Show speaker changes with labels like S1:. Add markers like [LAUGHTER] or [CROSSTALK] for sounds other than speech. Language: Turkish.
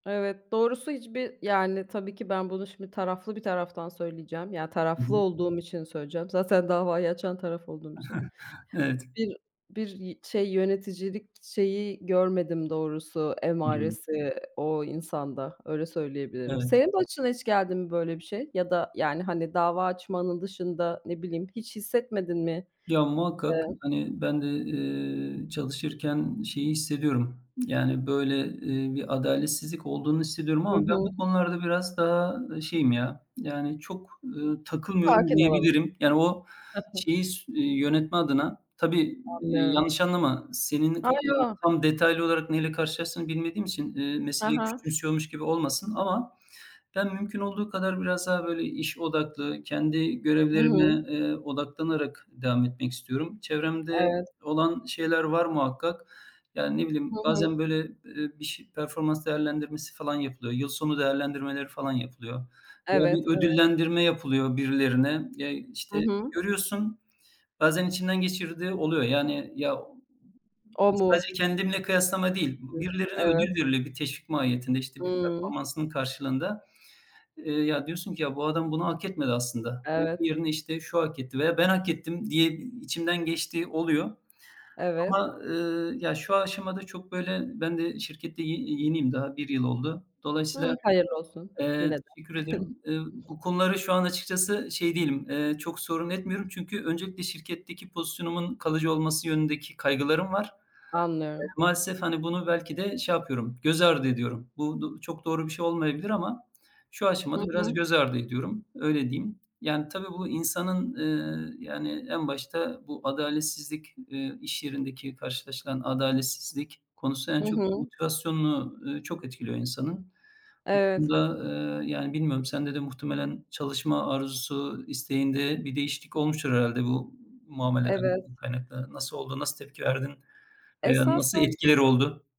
S1: Evet, doğrusu hiçbir Yani, tabii ki ben bunu şimdi taraflı bir taraftan söyleyeceğim. Ya,
S2: Hı
S1: taraflı
S2: hı.
S1: olduğum için söyleyeceğim. Zaten davayı açan taraf olduğum için.
S2: [CHUCKLES] Evet.
S1: Bir bir y şey, yöneticilik şeyi görmedim doğrusu,
S2: I hı.
S1: emaresi o insanda. Öyle söyleyebilirim.
S2: Evet.
S1: Senin başına hiç geldi mi böyle bir şey? Ya da, yani, hani dava açmanın dışında. Ne bileyim, hiç hissetmedin mi?
S2: Ya, muhakkak,
S1: Evet.
S2: hani, ben de, eee, çalışırken şeyi hissediyorum. Yani, böyle, eee, bir adaletsizlik olduğunu hissediyorum
S1: Hı
S2: ama ben
S1: hı.
S2: bu konularda biraz daha, ııı, şeyim ya, yani çok, eee, takılmıyorum
S1: Sakin olalım.
S2: diyebilirim. Yani o
S1: [CHUCKLES]
S2: şeyi sü yönetme adına. Tabii, iii,
S1: Anlıyorum.
S2: yanlış anlama, senin
S1: A, yo!
S2: [UNINTELLIGIBLE] tam detaylı olarak neyle karşılaştığını bilmediğim için, eee,
S1: He
S2: meseleyi
S1: he.
S2: küçümsüyormuş gibi olmasın ama ben mümkün olduğu kadar biraz daha, böyle, iş odaklı kendi görevlerime,
S1: Hıı!
S2: eee, odaklanarak devam etmek istiyorum. Çevremde
S1: Evet.
S2: olan şeyler var muhakkak. Yani ne
S1: Hı
S2: bileyim
S1: hı.
S2: bazen böyle, eee, bir ş performans değerlendirmesi falan yapılıyor. Yıl sonu değerlendirmeleri falan yapılıyor. Ya,
S1: Evet,
S2: bir
S1: evet.
S2: ödüllendirme yapılıyor birilerine. Ya,
S1: Hı
S2: işte,
S1: hı.
S2: görüyorsun. Bazen içinden geçirdiğin oluyor. Yani, ya
S1: O
S2: E,
S1: mu?
S2: sadece kendimle kıyaslama değil. B
S1: Diyorsun.
S2: birilerine ödül
S1: Evet.
S2: veriliyor. Bir teşvik mahiyetinde, işte, bir
S1: Hıı.
S2: performansının karşılığında. Eee, ya, diyorsun ki, "Ya, bu adam bunu hak etmedi aslında. Onun
S1: Evet.
S2: yerine, işte, şu hak etti veya ben hak ettim." diye, iii, içimden geçtiği oluyor.
S1: Evet.
S2: Ama, ııı, ya, şu aşamada çok, böyle, ben de şirkette y ye yeniyim. Daha 1 yıl oldu.
S1: Hıı.
S2: Dolayısıyla,
S1: Hayırlı olsun,
S2: eee
S1: yine de.
S2: Teşekkür ederim.
S1: [CHUCKLES]
S2: Eee, bu konuları şu an açıkçası şey değilim, eee, çok sorun etmiyorum. Çünkü öncelikle şirketteki pozisyonumun kalıcı olması yönündeki kaygılarım var.
S1: Anlıyorum.
S2: [UNINTELLIGIBLE] maalesef, hani, bunu belki de şey yapıyorum, göz ardı ediyorum. Bu d çok doğru bir şey olmayabilir ama şu
S1: Hı
S2: aşamada biraz
S1: hı.
S2: göz ardı ediyorum, öyle diyeyim. Yani tabii, bu insanın, eee, yani, en başta bu adaletsizlik, eee, iş yerindeki karşılaşılan adaletsizlik konusu. En
S1: Hı
S2: çok
S1: hı.
S2: motivasyonunu, ııı, çok etkiliyor insanın. Bu
S1: Evet.
S2: konuda, eee, yani, bilmiyorum sende de muhtemelen çalışma arzusu, isteğinde bir değişiklik olmuştur herhâlde bu muameleden
S1: Evet.
S2: kaynaklı. Nasıl oldu? Nasıl tepki verdin veya nasıl
S1: Esasen
S2: etkileri oldu?